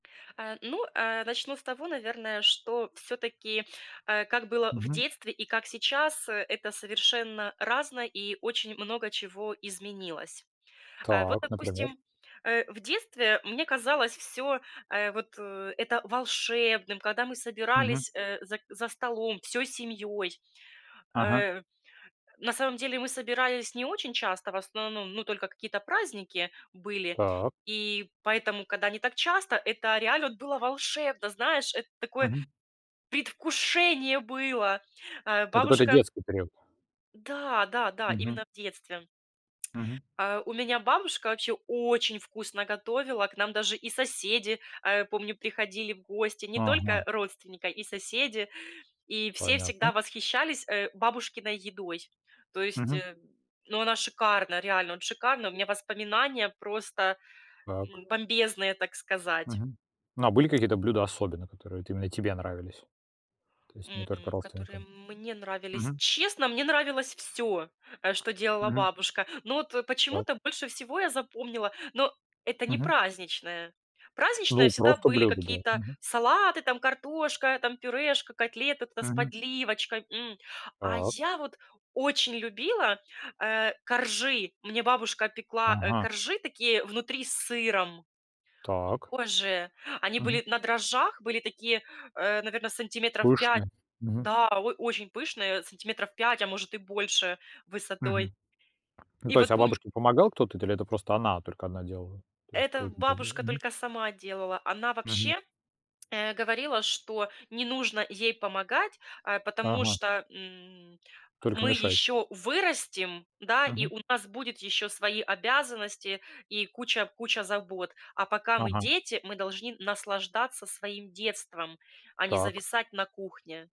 А, ну, а начну с того, наверное, что всё-таки, а как было в Мгм. детстве и как сейчас, э, это совершенно разное и очень много чего изменилось. А, вот, Так, например? допустим, э, в детстве мне казалось всё, э, вот это волшебным, когда мы Мгм. собирались, э, за за столом всей семьёй. Ага. Э, на самом деле мы собирались не очень часто, в основном, ну, только какие-то праздники были, Так. и поэтому, когда не так часто, это реально вот было волшебно, знаешь, это такое Мгм. предвкушение было. А Это какой-то бабушка детский период. да, да, да, Мгм. именно в детстве. Мгм. А у меня бабушка вообще очень вкусно готовила. К нам даже и соседи, а, помню, приходили в гости, не только Ага. родственника, и соседи, и все Понятно. всегда восхищались, э, бабушкиной едой. То есть, Мгм. э, ну, она шикарна, реально, вот шикарна. У меня воспоминания просто, Так. м, бомбезные, так сказать. Мгм. Ну, а были какие-то блюда особенно, которые вот именно тебе нравились? То есть не только М, которые родственникам? мне нравились? Мгм. Честно, мне нравилось всё, э, что делала Мгм. бабушка. Но вот почему-то Так. больше всего я запомнила но это не Мгм. праздничное. Праздничное Ну, всегда просто были блюда, да, какие-то мгм. салаты, там картошка, там пюрешка, котлеты там с Мгм. подливочкой, м. А Так. я вот очень любила, э, коржи. Мне бабушка пекла, э, Ага. коржи такие внутри с сыром. М, Так. боже, они Мгм. были на дрожжах, были такие, э, наверно, сантиметров 5, Пышные. Мгм. да, о очень пышные сантиметров 5, а может, и больше высотой. Мгм. Ну, И то есть, вот а помню бабушке помогал кто-то то или это просто она только одна делала? То есть Это [unintelligible] бабушка мгм. только сама делала, она Мгм. вообще, э, говорила, что не нужно ей помогать, а потому Ага. что, м, Только мы мешать. ещё вырастем, да, и Мгм. у нас будет ещё свои обязанности и куча куча забот, а пока мы Ага. дети, мы должны наслаждаться своим детством, а не Так. зависать на кухне.